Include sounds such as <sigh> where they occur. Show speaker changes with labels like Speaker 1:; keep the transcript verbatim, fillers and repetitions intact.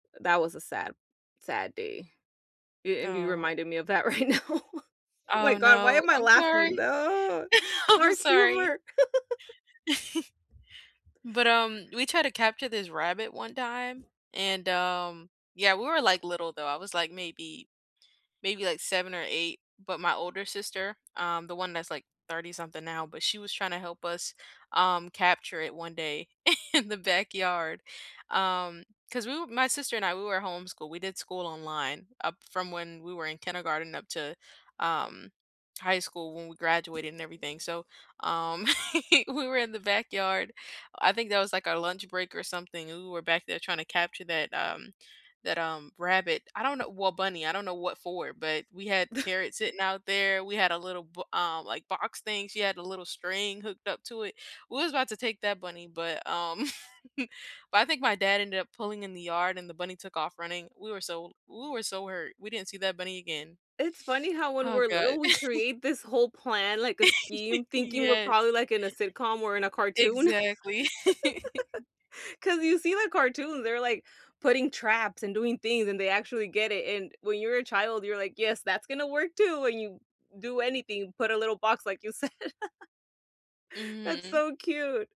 Speaker 1: That was a sad sad day. A and you
Speaker 2: Oh.
Speaker 1: reminded me of that right now, my
Speaker 2: Oh,
Speaker 1: god, why
Speaker 2: no,
Speaker 1: am I
Speaker 2: I'm
Speaker 1: laughing?
Speaker 2: sorry,
Speaker 1: No,
Speaker 2: <laughs> I'm
Speaker 1: dark
Speaker 2: sorry.
Speaker 1: humor. <chuckles>
Speaker 2: <chuckles> But, um, we tried to capture this rabbit one time, and, um, yeah, we were, like, little, though, I was, like, maybe maybe, like, seven or eight, but my older sister, um, the one that's, like, thirty-something now, but she was tryna help us, um, capture it one day in the backyard. Um, 'cause we w my sister and I, we were homeschooled, we did school online up from when we were in kindergarten up to, um, high school when we graduated and everything, so, um, <chuckles> we were in the backyard, I think that was, like, our lunch break or something, and we were back there trying to capture that, um that, um, rabbit, I don't know well bunny, I don't know what for, but we had
Speaker 1: <chuckles>
Speaker 2: carrots sitting out there, we had a little bo um, like, box thing, she had a little string hooked up to it, we was about to take that bunny, but, um <chuckles> but I think my dad ended up pulling in the yard and the bunny took off running, we were so we were so hurt, we didn't see that bunny again.
Speaker 1: It's funny how when
Speaker 2: Oh
Speaker 1: we're
Speaker 2: god.
Speaker 1: little, we
Speaker 2: <chuckles>
Speaker 1: create this whole plan, like a
Speaker 2: <chuckles>
Speaker 1: scheme, thinking we're probably,
Speaker 2: Yes.
Speaker 1: like, in a sitcom or in a cartoon.
Speaker 2: Exactly. <chuckles>
Speaker 1: <laughs> 'cause you see the cartoons, they're, like, putting traps and doing things, and they actually get it, and when you're a child, you're like, "Yes, that's gonna work too." And you do anything, put a little box like you said. <chuckles> That's
Speaker 2: Mhm.
Speaker 1: so cute.